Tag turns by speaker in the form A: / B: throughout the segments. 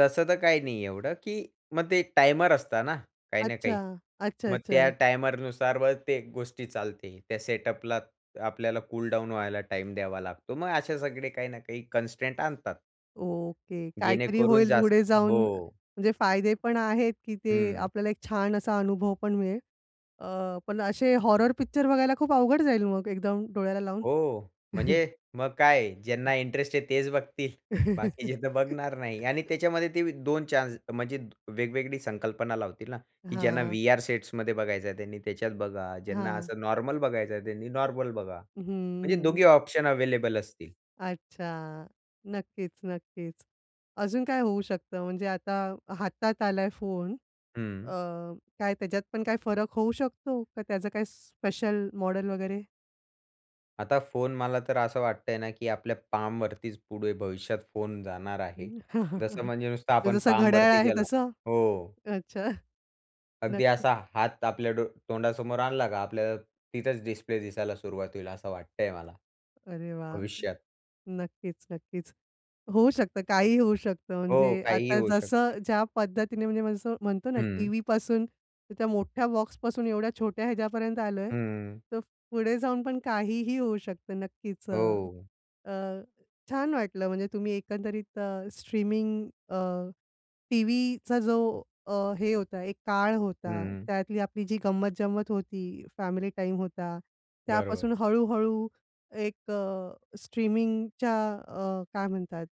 A: तसं तर काही नाही एवढं, की मग ते टाइमर असतं ना, काही ना काही.
B: अच्छा. अच्छा,
A: मग त्या
B: अच्छा.
A: टायमरनुसार, बर ते गोष्टी चालते. त्या सेटअपला आपल्याला कूल डाउन व्हायला टाईम द्यावा लागतो. मग असे सगळे काही ना काही कन्स्टेंट आणतात.
B: ओके. काहीतरी
A: जेणेकरून
B: होईल
A: जास्त
B: पुढे जाऊन.
A: हो.
B: म्हणजे फायदे पण आहेत, की ते
A: हं.
B: आपल्याला एक छान असा अनुभव पण मिळेल. अ, पण असे हॉरर पिक्चर बघायला खूप अवघड जाईल मग एकदम डोळ्याला लावून?
A: हो, म्हणजे मग काय आहे. ज्यांना इंटरेस्ट आहे तेच बघतील. बाकीचे तर बघणार नाही. आणि त्याच्यामध्ये ते 2 चान्स म्हणजे वेगवेगळी संकल्पना लावतील ना, की ज्यांना
B: हां.
A: व्ही-आर सेट्समध्ये बघायचं आहे त्यांनी त्याच्यात बघा. ज्यांना
B: हां.
A: असं नॉर्मल बघायचं आहे त्यांनी नॉर्मल बघा.
B: हं,
A: म्हणजे
B: हं.
A: दोघे ऑप्शन अवेलेबल असतील.
B: अच्छा. नक्कीच. नक्कीच. अजून काय होऊ शकतं? म्हणजे आता हातात आला आहे फोन अ,
A: हं.
B: काय त्याच्यात पण काय फरक होऊ शकतो; का त्याचं काही स्पेशल मॉडेल वगैरे?
A: आता फोन मला तर असं वाटतं आहे ना, की आपल्या पामवरतीच पुढे भविष्यात फोन जाणार आहे. जसं म्हणजे नुसतं आपण
B: जसं घड्याळ
A: पामवरती
B: आहे
A: गेला
B: तसं?
A: हो.
B: अच्छा.
A: अगदी
B: नक्कीच.
A: असा हात आपल्या डो तोंडासमोर आणला का आपल्याला तिथंच डिस्प्ले दिसायला सुरुवात होईल, असं वाटतं आहे मला
B: अरे वाह!
A: भविष्यात.
B: नक्कीच, नक्कीच. होऊ शकतं काहीही होऊ शकतं.
A: हो,
B: म्हणजे
A: काहीही
B: आता
A: होऊ
B: जसं
A: शकतं.
B: ज्या पद्धतीने म्हणजे जसं म्हणतो ना
A: हं.
B: टीव्हीपासून तर त्या मोठ्या बॉक्सपासून एवढ्या छोट्या ह्याच्यापर्यंत आलो आहे,
A: हं.
B: तर पुढे जाऊन पण काहीही होऊ शकतं. नक्कीच अ,
A: हो.
B: अ, छान वाटलं म्हणजे तुम्ही एकंदरीत अ, स्ट्रीमिंग अ, टीव्हीचा जो अ, हे होता एक काळ होता,
A: हं.
B: त्यातली आपली जी गंमत-जंमत होती, फॅमिली टाईम होता.
A: बरोबर.
B: त्यापासून हळूहळू एक अ, स्ट्रीमिंगच्या अ, काय म्हणतात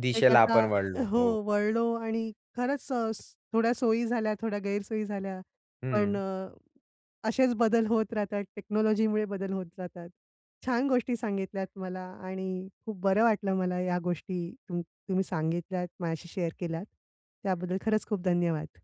A: दिशेला आपण वळलो.
B: हो
A: हो.
B: वळलो आणि खरंच अ, थोड्या सोयी झाल्या, थोड्या गैरसोयी झाल्या. पण
A: हं.
B: अ, असेच बदल होत राहतात, टेक्नॉलॉजीमुळे बदल होत जातात. छान गोष्टी सांगितल्यात मला आणि खूप बरं वाटलं मला या गोष्टी तुम तुम्ही सांगितल्यात. माझ्याशी शेअर केल्या, त्याबद्दल खरंच खूप धन्यवाद.